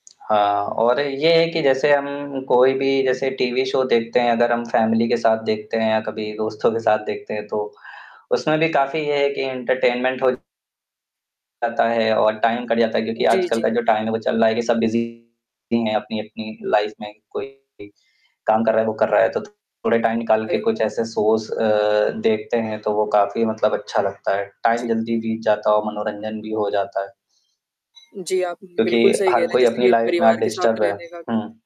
हाँ और ये है कि जैसे हम कोई भी जैसे टीवी शो देखते हैं अगर हम फैमिली के साथ देखते हैं या कभी दोस्तों के साथ देखते हैं तो, उसमे भी काफ़ी ये है कि एंटरटेनमेंट हो जाता है और टाइम कट जाता है क्योंकि जी, आजकल जी। का जो टाइम है वो चल रहा है कि सब बीजी है अपनी-अपनी लाइफ़ में कोई काम कर रहा है वो कर रहा है। तो थोड़ा टाइम निकाल के सही कुछ बात है। ऐसे शोज अ, देखते हैं तो वो काफ़ी मतलब अच्छा लगता है। टाइम जी। जल्दी बीत जाता है और मनोरंजन भी हो जाता है। जी, आप बिल्कुल क्योंकि सही कह हर रहे हैं कोई जैसे अपनी कि लाइफ़ में परिवार के साथ डिस्टर्ब है। रहने का भी। हुँ।